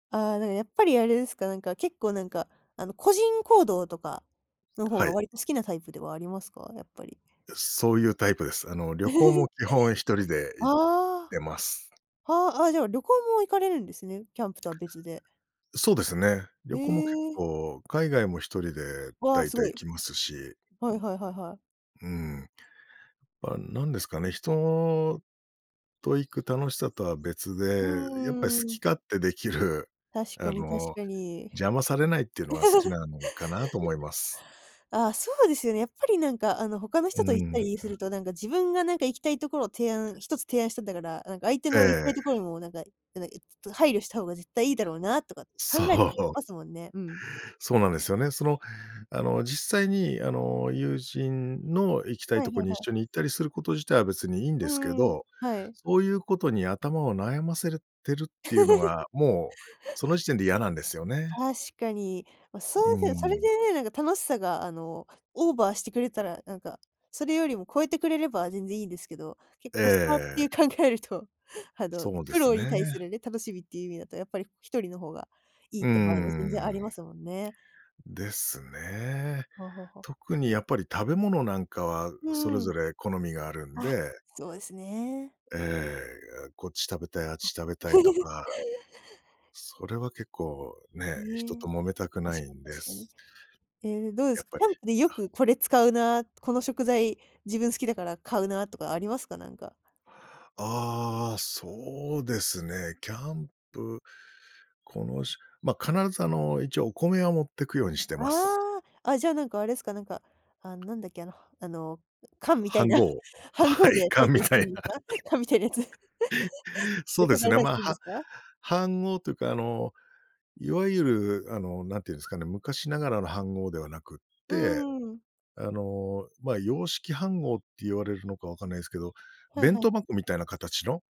ああ、なんかやっぱりあれですか、なんか結構なんか、あの、個人行動とか、の方はがい。割と好きなタイプではありますか？やっぱり。そういうタイプです。あの、旅行も 基本、一人で行っああ。てます。はあ、あ、じゃあ、旅行も行かれるんですね、キャンプとは別で。そうですね。旅行も結ええ。構、海外も一人でわあ、大す体ご行い。きますし。はいはいはいはい。うん。まあ、なんですかね、人と行く楽しさとは別うで、やっぱりー好きん。勝手できる、確かあに確の、かに。邪魔されないっていうのが好き なのかなと思います。ああ、そうですよね、やっぱりなんかあの、他のう人と行っん。たりすると、なんか自分がなんか行きたいところを提案、1つ提案したんだから、なんか相手えの行きたいところにえ。もなんか、なんか、え、ちょっと配慮した方が絶対いいだろうなとか、考そえたりしう。ますもんね。うん。そうなんですよね、その、あの、実際に、あの、友人の行きたいはいとこはいにはい。一緒に行ったりすること自体は別にいいんでうすけん、ど、はい。そういうことに頭を悩ませれるてるっていうのが、もうその時点で嫌なんですよね。確かに、まあ、そうーうでそれでん。ね、なんか楽しさがあの、オーバーしてくれたら、なんか、それよりも超えてくれれば全然いいんですけど、け、コスパっえてえ。考えると、あの、そうで苦す労にね。対するね、楽しみっていう意味だとやっぱり一人の方が、いいうっーて場合も全然ありまん。すもんね。ですね。はあはあはあ。特にやっぱり食べ物なんかは、うそーれん。ぞれ好みがあるんあ、でそうですね。ええ、こっち食べたい、あっあ。ち食べたいと か。それは結構、ね、へ人とえ。揉めたく確ないかにんで確かす。に。ええ、どうでやすっか、ぱキりャンプでよあ。くこれ使うな、この食材、自分好きだから買うなとかありますか？なんか。ああ、そうですね。キャンプ、このしま必ずあの、一応お米は持ってくようにしてあます。あ、あ、じゃあ、なんかあれすか、なんか、あ、なんだっけあのあの、缶みたい飯な、盒、飯盒はい、で炊い缶たみりしてたいるな。んですか？缶みたいなやつ。そでうで炊かすれね、たりますあ、るんではすか？飯盒というかあの、いわゆるあの、なんていうんですかね、昔ながらの飯盒ではなくっうて、ーん。あの、ま洋式飯盒って言われるのかわかんないすけど、はいは弁い当はい。箱みたいな形の